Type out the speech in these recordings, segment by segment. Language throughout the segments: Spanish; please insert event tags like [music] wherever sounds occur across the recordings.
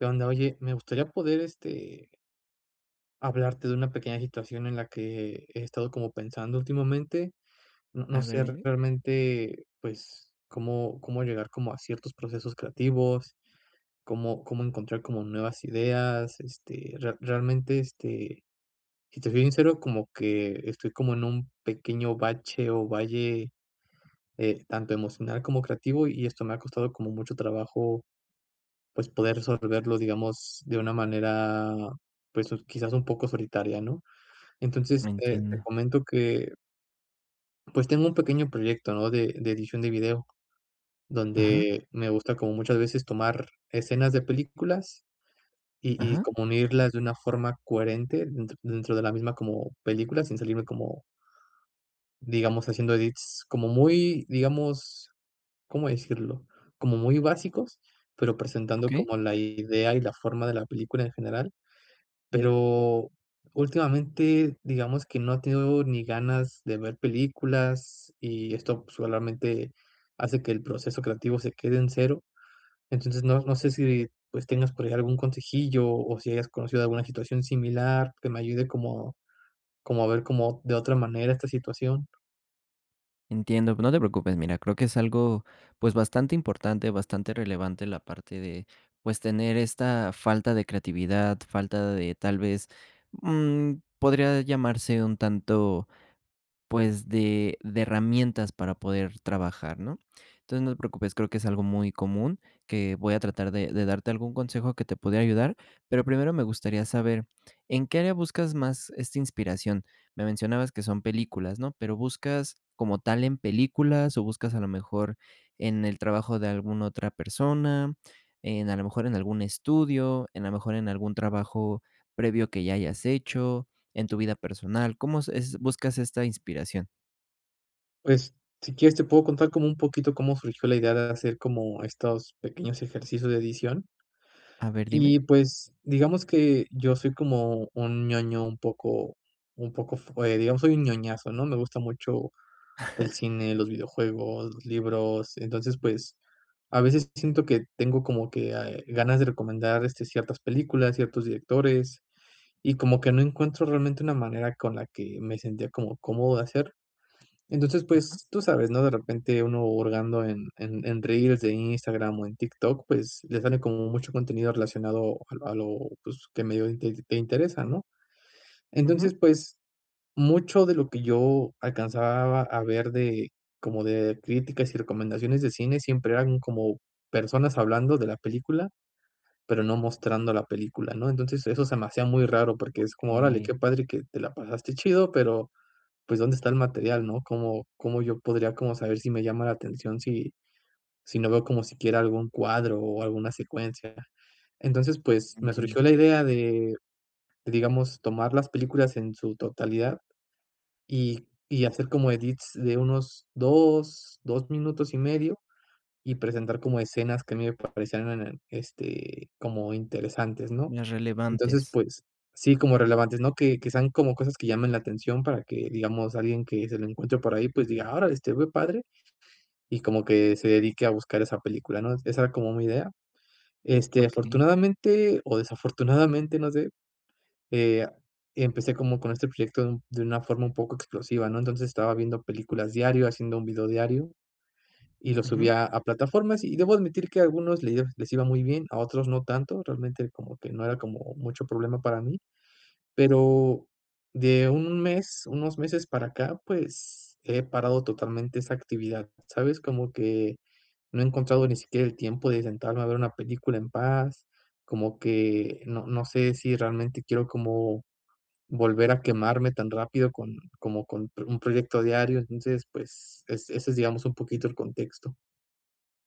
Qué onda, oye, me gustaría poder, este hablarte de una pequeña situación en la que he estado como pensando últimamente. No no A ver, sé dime. realmente, pues, cómo cómo llegar como a ciertos procesos creativos, cómo cómo encontrar como nuevas ideas. Este, rea realmente, este, si te soy sincero, como que estoy como en un pequeño bache o valle, eh, tanto emocional como creativo, y esto me ha costado como mucho trabajo, pues, poder resolverlo, digamos, de una manera, pues, quizás un poco solitaria, ¿no? Lo Entonces, eh, te entiendo. comento que pues, tengo un pequeño proyecto, ¿no?, de de edición de video, Ajá. donde me gusta como muchas veces tomar escenas de películas, y y Ajá. como unirlas de una forma coherente dentro dentro de la misma como película, sin salirme como digamos, haciendo edits como muy, digamos, ¿cómo decirlo?, como muy básicos, pero presentando Okey. como la idea y la forma de la película en general. Pero, últimamente, digamos que no ha tenido ni ganas de ver películas, y esto solamente hace que el proceso creativo se quede en cero. Entonces, no no sé si, pues, tengas por llegar algún consejillo, o si hayas conocido alguna situación similar que me ayude como como a ver como de otra manera esta situación. Entiendo, pero no te preocupes, mira, creo que es algo, pues, bastante importante, bastante relevante la parte de, pues, tener esta falta de creatividad, falta de, tal vez, mm, podría llamarse un tanto, pues, de de herramientas para poder trabajar, ¿no? Entonces, no te preocupes, creo que es algo muy común, que voy a tratar de de darte algún consejo que te pudiera ayudar, pero primero me gustaría saber, ¿en qué área buscas más esta inspiración? Me mencionabas que son películas, ¿no?, pero, ¿buscas, como tal, en películas, o buscas, a lo mejor, en el trabajo de alguna otra persona, en, a lo mejor en algún estudio, en a lo mejor en algún trabajo previo que ya hayas hecho en tu vida personal? ¿Cómo es es buscas esta inspiración? Pues, si quieres te puedo contar como un poquito cómo surgió la idea de hacer como estos pequeños ejercicios de edición. A ver, dime. Y pues, digamos que yo soy como un ñoño, un poco un poco f eh, digamos, soy un ñoñazo, ¿no? Me gusta mucho el [chuckles] cine, los videojuegos, los libros. Entonces, pues, a veces siento que tengo como que, ah, eh, ganas de recomendar, este, ciertas películas, ciertos directores, y como que no encuentro realmente una manera con la que me sentía como cómodo de hacer. Entonces, Ajá. pues, tú sabes, ¿no?, de repente uno hurgando en en en reels de Instagram o en TikTok, pues, le sale como mucho contenido relacionado al a lo, pues, que medio int te te interesa, ¿no? Ujú. Entonces, pues, mucho de lo que yo alcanzaba a ver de, como de críticas y recomendaciones de cine siempre eran como personas hablando de la película, pero no mostrando la película, ¿no? Entonces, eso se me hacía muy raro porque es como: "Órale, Okey. qué padre que te la pasaste chido, pero, pues, ¿dónde está el material, no? ¿Cómo cómo yo podría como saber si me llama la atención si si no veo como siquiera algún cuadro, o alguna secuencia?". Entonces, pues, me Entiendo. surgió la idea de, digamos, tomar las películas en su totalidad y y hacer como edits de unos 2, 2 minutos y medio, y presentar como escenas que a mí me parecían en el este, como interesantes, ¿no? Las Entonces, relevantes. pues, sí, como relevantes, ¿no?, que que sean como cosas que llamen la atención para que, digamos, alguien que se la encuentre por ahí, pues, diga: "Órale, se ve padre", y como que se dedique a buscar esa película, ¿no? Esa era como mi idea, este, Okey. afortunadamente, o desafortunadamente, no sé, eh, empecé como con este proyecto de un de una forma un poco explosiva, ¿no? Entonces, estaba viendo películas diario, haciendo un video diario, y lo Ujú. subía a plataformas, y debo admitir que a algunos le les iba muy bien, a otros no tanto, realmente como que no era como mucho problema para mí, pero de 1 mes unos meses para acá, pues, he parado totalmente esa actividad, ¿sabes? Como que no he encontrado ni siquiera el tiempo de sentarme a ver una película en paz, como que no no sé si realmente quiero como volver a quemarme tan rápido con como, con un proyecto diario, entonces, pues, es ese es, digamos, un poquito el contexto.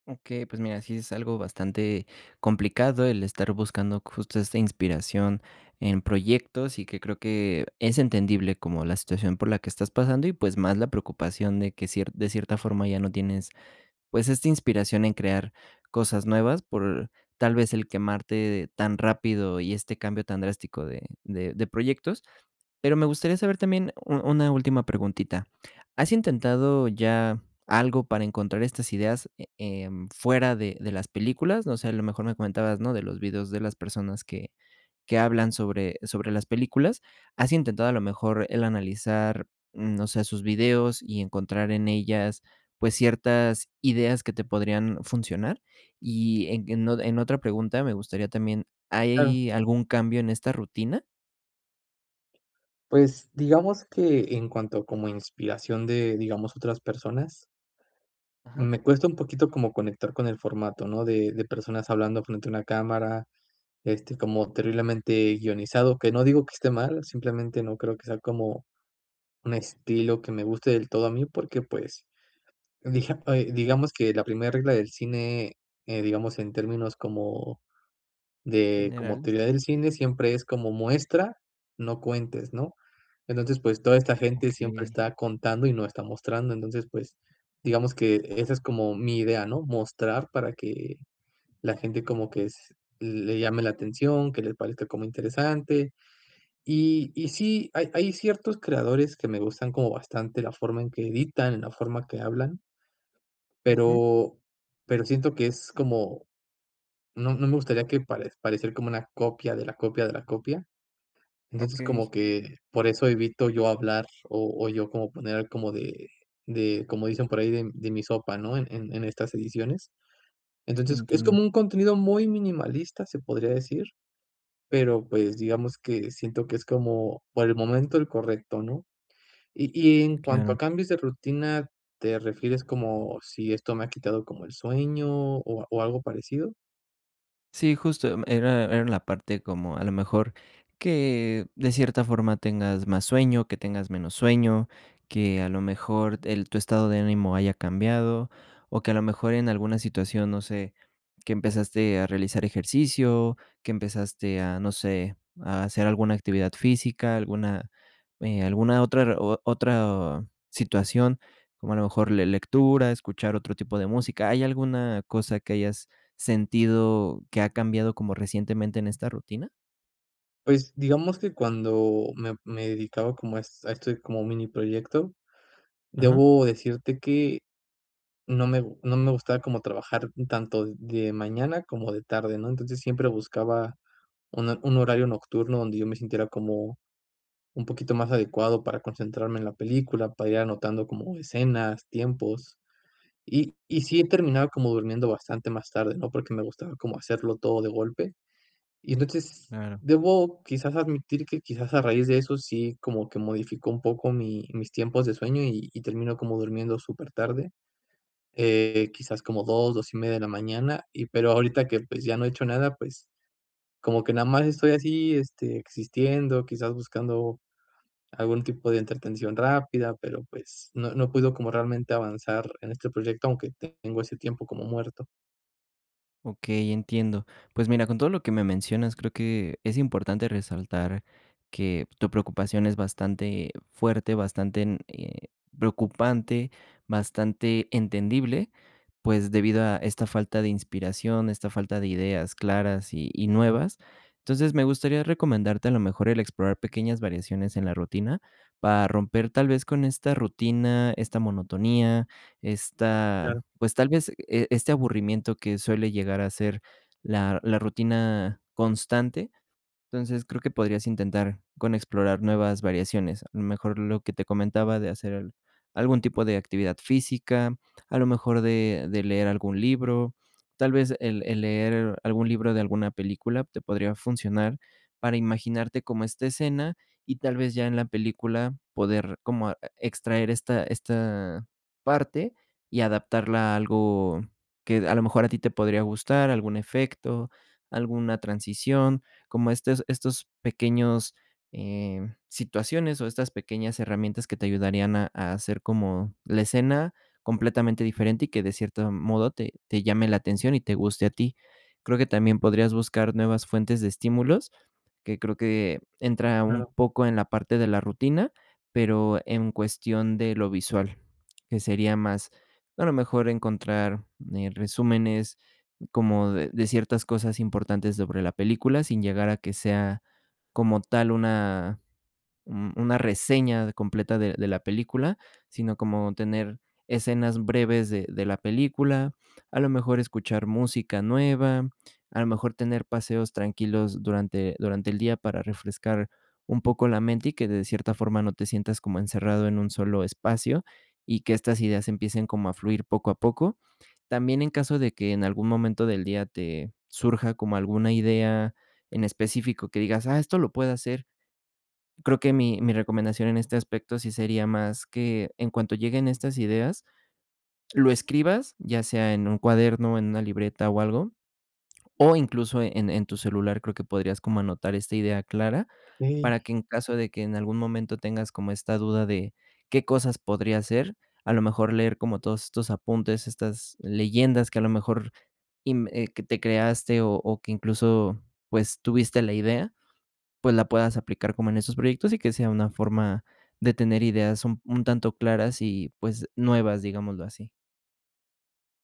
Okey, pues, mira, sí es algo bastante complicado el estar buscando justo esta inspiración en proyectos, y que creo que es entendible, como la situación por la que estás pasando y, pues, más la preocupación de que ciert de cierta forma ya no tienes, pues, esta inspiración en crear cosas nuevas por, tal vez, el quemarte tan rápido, y este cambio tan drástico de de de proyectos. Pero me gustaría saber también, u una última preguntita, ¿has intentado ya algo para encontrar estas ideas, eh, em, fuera de de las películas? O sea, a lo mejor, me comentabas, ¿no?, de los videos de las personas que que hablan sobre sobre las películas, ¿has intentado a lo mejor el analizar, mm, no sé, sus videos y encontrar en ellas, pues, ciertas ideas que te podrían funcionar? Y en en o en otra pregunta, me gustaría también, Claro. ¿hay algún cambio en esta rutina? Pues, digamos que en cuanto como inspiración de, digamos, otras personas Ajá. me cuesta un poquito como conectar con el formato, ¿no?, de de personas hablando frente a una cámara, este, como terriblemente guionizado, que no digo que esté mal, simplemente no creo que sea como un estilo que me guste del todo a mí, porque pues dija eh, digamos que la primer regla del cine, eh, digamos, en términos como de como Generales. teoría del cine, siempre es como muestra, no cuentes, ¿no? Entonces, pues toda esta gente siempre Okey. está contando y no está mostrando. Entonces, pues, digamos que esa es como mi idea, ¿no?, mostrar para que la gente como que s l le llame la atención, que le parezca como interesante. Y y sí, hay hay ciertos creadores que me gustan como bastante, la forma en que editan, la forma que hablan Ujú. pero pero siento que es como no no me gustaría que pare parecer como una copia de la copia de la copia. Entonces, Okey. como que por eso evito yo hablar, o o yo como poner como de de, como dicen por ahí, de de mi sopa, ¿no?, en en en estas ediciones. Entonces, es Entiendo. como un contenido muy minimalista, se podría decir, pero, pues, digamos que siento que es como, por el momento, el correcto, ¿no? Y y en cuanto Claro. a cambios de rutina, ¿te refieres como si esto me ha quitado como el sueño, o o algo parecido? Sí, justo, mm, era era la parte como, a lo mejor, que de cierta forma tengas más sueño, que tengas menos sueño, que a lo mejor el tu estado de ánimo haya cambiado, o que, a lo mejor, en alguna situación, no sé, que empezaste a realizar ejercicio, que empezaste a, no sé, a hacer alguna actividad física, alguna, eh, alguna otra re otra situación, como a lo mejor le lectura, escuchar otro tipo de música, ¿hay alguna cosa que hayas sentido que ha cambiado como recientemente en esta rutina? Pues, digamos que cuando me me dedicaba como es a esto como mini proyecto, Ajá. debo decirte que, no me no me gustaba como trabajar tanto de mañana como de tarde, ¿no?, entonces, siempre buscaba una un horario nocturno donde yo me sintiera como un poquito más adecuado para concentrarme en la película, para ir anotando como escenas, tiempos, y y sí he terminado como durmiendo bastante más tarde, ¿no?, porque me gustaba como hacerlo todo de golpe, y entonces, Claro. debo quizás admitir que quizás a raíz de eso sí como que modifico un poco mi mis tiempos de sueño, y y termino como durmiendo súper tarde, eh, quizás como 2, 2 y media de la mañana, y pero ahorita que, pues, ya no he hecho nada, pues, como que nada más estoy así, este, existiendo, quizás buscando algún tipo de entretención rápida, pero, pues, no no puedo como realmente avanzar en este proyecto, aunque tengo ese tiempo como muerto. Okey, entiendo, pues, mira, con todo lo que me mencionas, creo que es importante resaltar que tu preocupación es bastante fuerte, bastante n eh, preocupante, bastante entendible, pues debido a esta falta de inspiración, esta falta de ideas claras y y nuevas. Entonces, me gustaría recomendarte, a lo mejor, el explorar pequeñas variaciones en la rutina para romper, tal vez, con esta rutina, esta monotonía, esta, Claro. pues, tal vez, e este aburrimiento que suele llegar a ser la la rutina constante. Entonces, creo que podrías intentar con explorar nuevas variaciones, a lo mejor lo que te comentaba de hacer algún tipo de actividad física, a lo mejor de de leer algún libro. Tal vez, el el leer algún libro de alguna película te podría funcionar para imaginarte cómo esta escena, y tal vez ya en la película poder como e extraer esta esta parte, y adaptarla a algo que a lo mejor a ti te podría gustar, algún efecto, alguna transición, como estos estos pequeños, eh, situaciones o estas pequeñas herramientas que te ayudarían a a hacer como la escena completamente diferente, y que de cierto modo te te llame la atención y te guste a ti. Creo que también podrías buscar nuevas fuentes de estímulos, que creo que entra un Claro. poco en la parte de la rutina, pero en cuestión de lo visual, que sería más, a lo mejor, encontrar, eh, resúmenes como de de ciertas cosas importantes sobre la película, sin llegar a que sea, como tal, una un una reseña de completa de de la película, sino como tener escenas breves de de la película, a lo mejor escuchar música nueva, a lo mejor tener paseos tranquilos durante durante el día para refrescar un poco la mente y que, de cierta forma, no te sientas como encerrado en un solo espacio, y que estas ideas empiecen como a fluir poco a poco. También en caso de que en algún momento del día te surja como alguna idea en específico que digas: "Ah, esto lo puedo hacer" Creo que mi mi recomendación en este aspecto sí sería más que, en cuanto lleguen estas ideas, lo escribas, ya sea en un cuaderno, en una libreta o algo, o incluso en en tu celular creo que podrías como anotar esta idea clara Ey. para que en caso de que en algún momento tengas como esta duda de qué cosas podría ser, a lo mejor leer como todos estos apuntes, estas leyendas que a lo mejor inv eh, que te creaste, o o que incluso, pues, tuviste la idea, pues la puedas aplicar como en esos proyectos y que sea una forma de tener ideas un un tanto claras y, pues nuevas, digámoslo así.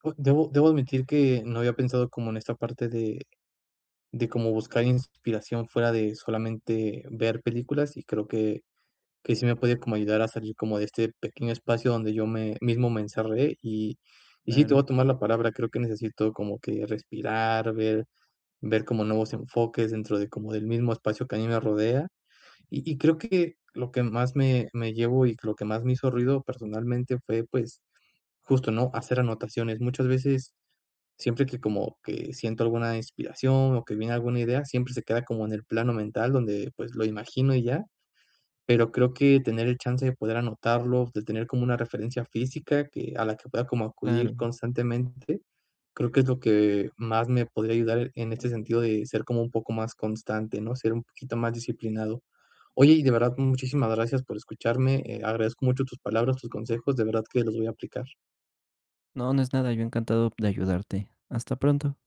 Oh, debo debo admitir que no había pensado como en esta parte de de como buscar inspiración fuera de solamente ver películas, y creo que que sí me puede como ayudar a salir como de este pequeño espacio donde yo me mismo me encerré y y sí te voy a Claro. tomar la palabra, creo que necesito como que respirar, ver ver como nuevos enfoques dentro de como del mismo espacio que a mí me rodea. Y y creo que lo que más me me llevó y lo que más me hizo ruido, personalmente fue, pues, justo, ¿no? Hacer anotaciones. Muchas veces siempre que como que siento alguna inspiración o que viene alguna idea, siempre se queda como en el plano mental donde, pues, lo imagino y ya, pero creo que tener el chance de poder anotarlo, de tener como una referencia física que a la que pueda como acudir Claro. constantemente, creo que es lo que más me podría ayudar en este sentido de ser como un poco más constante, ¿no? Ser un poquito más disciplinado. Oye, y de verdad, muchísimas gracias por escucharme, eh, agradezco mucho tus palabras, tus consejos, de verdad que los voy a aplicar. No, no es nada, yo encantado de ayudarte. Hasta pronto.